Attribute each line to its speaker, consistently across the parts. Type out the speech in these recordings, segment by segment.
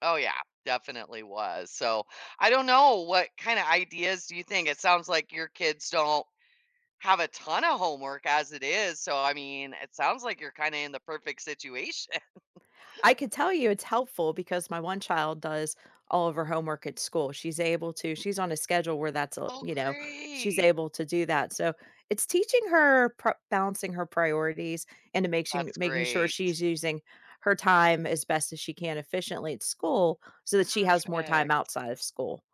Speaker 1: Oh yeah, definitely was, so, I don't know, what kind of ideas do you think, it sounds like your kids don't have a ton of homework as it is, so, I mean, it sounds like you're kinda in the perfect situation.
Speaker 2: I could tell you it's helpful because my one child does all of her homework at school. She's able to, she's on a schedule where that's all
Speaker 1: Oh,
Speaker 2: you know, she's
Speaker 1: great.
Speaker 2: able to do that, so it's teaching her prio balancing her priorities and making
Speaker 1: That's
Speaker 2: making sure
Speaker 1: great.
Speaker 2: she's using her time as best as she can efficiently at school so that she has more time
Speaker 1: Perfect.
Speaker 2: outside of school,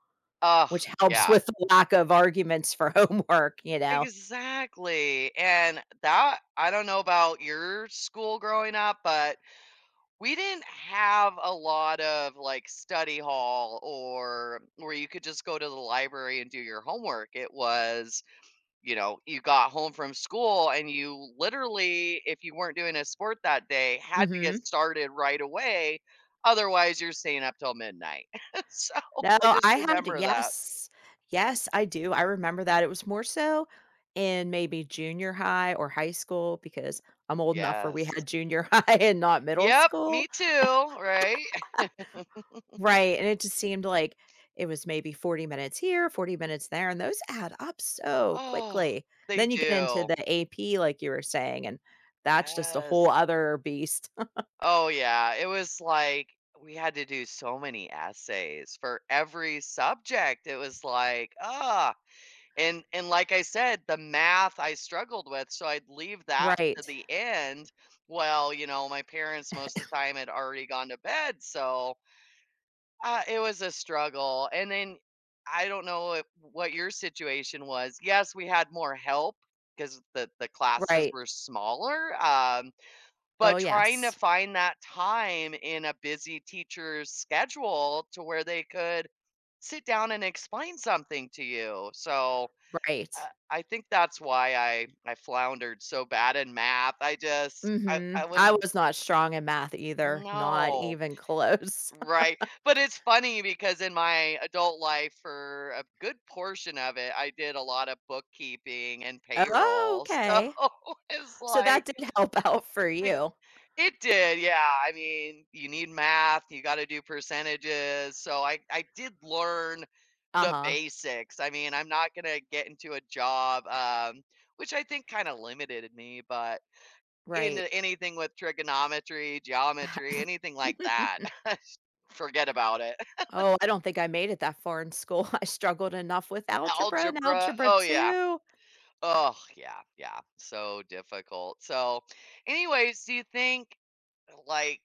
Speaker 1: Ugh,
Speaker 2: which helps
Speaker 1: yeah.
Speaker 2: with the lack of arguments for homework, you know.
Speaker 1: Exactly, and that, I don't know about your school growing up, but we didn't have a lot of, like, study hall or where you could just go to the library, and do your homework, it was, you know, you got home from school, and you literally, if you weren't doing a sport that day, had to get
Speaker 2: Mhm.
Speaker 1: started right away, otherwise, you're staying up till midnight, so,
Speaker 2: No,
Speaker 1: I just
Speaker 2: I had
Speaker 1: remember that.
Speaker 2: yes, yes, I do. I remember that it was more so in maybe junior high or high school because I'm old enough where we
Speaker 1: Yes.
Speaker 2: had junior high and not middle
Speaker 1: Yup, me
Speaker 2: school,
Speaker 1: too, right.
Speaker 2: right, and it just seemed like it was maybe 40 minutes here, 40 minutes there, and those add up so
Speaker 1: Oh,
Speaker 2: quickly,
Speaker 1: they
Speaker 2: then you get into
Speaker 1: do.
Speaker 2: the AP, like you were saying, and that's just a
Speaker 1: Yes.
Speaker 2: whole other beast.
Speaker 1: Oh yeah, it was like, we had to do so many essays for every subject, it was like, oh, and and, like I said, the math I struggled with, so, I'd leave that to
Speaker 2: Right.
Speaker 1: the end. Well, you know, my parents most of the time had already gone to bed, so uh, it was a struggle, and then, I don't know, wh what your situation was, yes, we had more help 'cause the the classes
Speaker 2: Right.
Speaker 1: were smaller, um,
Speaker 2: Oh
Speaker 1: but trying to
Speaker 2: yes.
Speaker 1: find that time in a busy teacher's schedule to where they could sit down, and explain something to you, so, uh,
Speaker 2: Right.
Speaker 1: I think that's why I I floundered so bad in math, I just I
Speaker 2: Mhm,
Speaker 1: I was,
Speaker 2: I
Speaker 1: uh
Speaker 2: was not strong in math either, not
Speaker 1: No,
Speaker 2: even close.
Speaker 1: right, but it's funny because in my adult life for a good portion of it, I did a lot of bookkeeping and
Speaker 2: Oh,
Speaker 1: payroll, so
Speaker 2: okay,
Speaker 1: it's
Speaker 2: so
Speaker 1: like
Speaker 2: that did help out for
Speaker 1: It
Speaker 2: you.
Speaker 1: it did, yeah, I mean, you need math, you gotta do percentages, so I I did learn the
Speaker 2: Uh-huh.
Speaker 1: basics, I mean, I'm not gonna get into a job, um, which I think kinda limited me, but in
Speaker 2: Right.
Speaker 1: anything with trigonometry, geometry, anything like that forget about it.
Speaker 2: Oh, I don't think I made it that far in school, I struggled enough with algebra and
Speaker 1: Algebra,
Speaker 2: algebra
Speaker 1: oh yeah,
Speaker 2: 2.
Speaker 1: oh yeah, yeah, so difficult, so anyways, do you think like